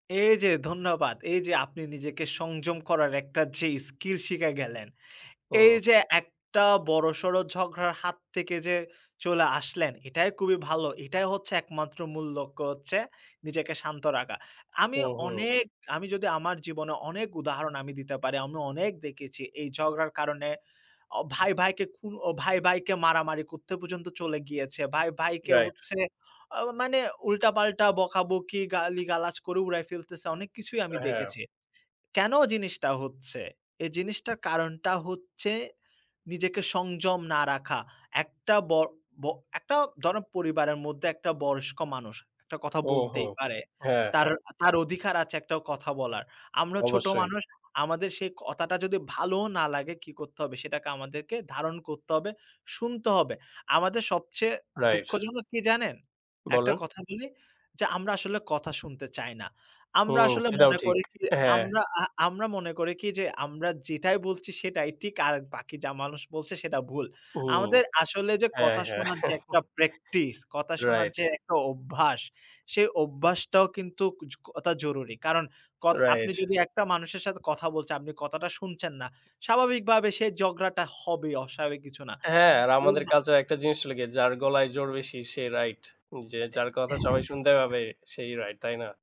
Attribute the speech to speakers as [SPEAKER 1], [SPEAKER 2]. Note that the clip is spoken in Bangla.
[SPEAKER 1] এই যে ধন্যবাদ। এই যে আপনি নিজেকে সংযম করার একটা যে স্কিল শিখে গেলেন, এই
[SPEAKER 2] হু।
[SPEAKER 1] যে একটা বড়সড় ঝগড়ার হাত থেকে যে চলে আসলেন, এটাই খুবই ভালো। এটাই হচ্ছে একমাত্র মূল লক্ষ্য হচ্ছে নিজেকে শান্ত রাখা। আমি
[SPEAKER 2] ওহো!
[SPEAKER 1] অনেক আমি যদি আমার জীবনের অনেক উদাহরণ আমি দিতে পারি, আমি অনেক দেখেছি এই ঝগড়ার কারণে অ ভাই, ভাইকে খু ভাই, ভাইকে মারামারি করতে পর্যন্ত চলে গিয়েছে। ভাই, ভাইকে
[SPEAKER 2] রাইট।
[SPEAKER 1] হচ্ছে, অ মানে উল্টাপাল্টা বকাবকি, গালিগালাজ করে উড়ায়ে ফেলতেছে। অনেক কিছুই আমি
[SPEAKER 2] হ্যাঁ।
[SPEAKER 1] দেখেছি। কেন জিনিসটা হচ্ছে? এই জিনিসটার কারণটা হচ্ছে, নিজেকে সংযম না রাখা। একটা বড় ব একটা ধরেন পরিবারের মধ্যে একটা বয়স্ক মানুষ একটা কথা
[SPEAKER 2] ওহো
[SPEAKER 1] বলতেই পারে।
[SPEAKER 2] হ্যাঁ,
[SPEAKER 1] তার,
[SPEAKER 2] হ্যাঁ।
[SPEAKER 1] তার অধিকার আছে একটা কথা বলার। আমরা ছোট
[SPEAKER 2] অবশ্যই।
[SPEAKER 1] মানুষ। আমাদের সেই কথাটা যদি ভালো না লাগে, কী করতে হবে? সেটাকে আমাদেরকে ধারণ করতে হবে, শুনতে হবে। আমাদের সবচেয়ে
[SPEAKER 2] রাইট।
[SPEAKER 1] দুঃখজনক কী জানেন? একটা
[SPEAKER 2] বলেন।
[SPEAKER 1] কথা বলি, যে আমরা আসলে কথা শুনতে চাই না। আমরা
[SPEAKER 2] হুম,
[SPEAKER 1] আসলে
[SPEAKER 2] সেটাও
[SPEAKER 1] মনে
[SPEAKER 2] ঠিক।
[SPEAKER 1] করি কী,
[SPEAKER 2] হ্যাঁ।
[SPEAKER 1] আমরা আ আমরা যেটাই বলছি সেটাই ঠিক, আর বাকি যা মানুষ বলছে সেটা ভুল।
[SPEAKER 2] ও!
[SPEAKER 1] আমাদের আসলে যে
[SPEAKER 2] হ্যাঁ,
[SPEAKER 1] কথা
[SPEAKER 2] হ্যাঁ।
[SPEAKER 1] শোনার একটা প্র্যাকটিস কথা শোনার
[SPEAKER 2] রাইট।
[SPEAKER 1] যে একটা অভ্যাস, সে অভ্যাসটাও কিন্তু খুবই জরুরি। কারণ কথা আপনি
[SPEAKER 2] রাইট।
[SPEAKER 1] যদি একটা মানুষের সাথে কথা বলতে, আপনি কথাটা শুনছেন না, স্বাভাবিকভাবে সে ঝগড়াটা হবে, অস্বাভাবিক কিছু না।
[SPEAKER 2] হ্যাঁ, আর
[SPEAKER 1] উ
[SPEAKER 2] আমাদের
[SPEAKER 1] মা
[SPEAKER 2] কাজ একটা জিনিস লেগে যার গলায় জোর বেশি সে রাইট, যে যার কথা সবাই শুনতে পাবে সেই রাইট, তাই না?